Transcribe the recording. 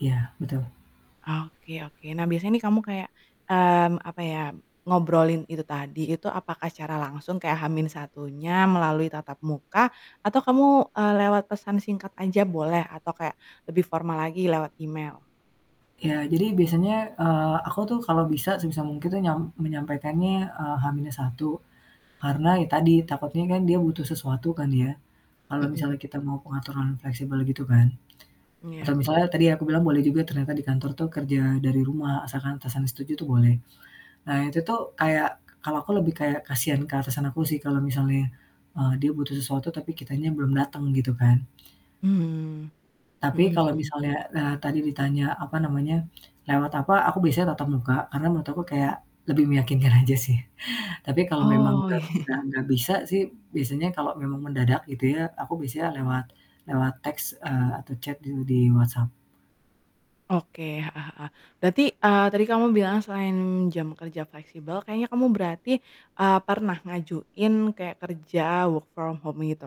Iya, betul. Oke oke, nah biasanya nih kamu kayak, mmm, apa ya, ngobrolin itu tadi, itu apakah secara langsung kayak H-1-nya melalui tatap muka atau kamu, eee, lewat pesan singkat aja boleh, atau kayak lebih formal lagi lewat email? Iya, jadi biasanya, eee, aku tuh kalau bisa sebisa mungkin nyam menyampaikannya, eee, H-1, karena ya tadi takutnya kan dia butuh sesuatu kan dia kalau Mhm. misalnya kita mau pengaturan fleksibel gitu kan. Atau Iya. misalnya tadi yang aku bilang boleh juga ternyata di kantor tuh kerja dari rumah asalkan atasan setuju tuh boleh. Nah, itu tuh kayak kalau aku lebih kayak kasihan ke atasan aku sih kalau misalnya, eee, dia butuh sesuatu tapi kitanya belum dateng gitu kan. Mmm, Tapi mhm kalau mhm. misalnya, eee, tadi ditanya, apa namanya, lewat apa, aku biasanya tatap muka karena menurut aku kayak lebih meyakinkan aja sih. Tapi kalau memang Oh. nggak nggak nggak bisa sih biasanya kalau memang mendadak gitu ya, aku biasanya lewat lewat teks, eee, atau chat di di WhatsApp. Oke, heeh heeh. Berarti, eee, tadi kamu bilang selain jam kerja fleksibel kayaknya kamu berarti, eee, pernah ngajuin kayak kerja work from home gitu?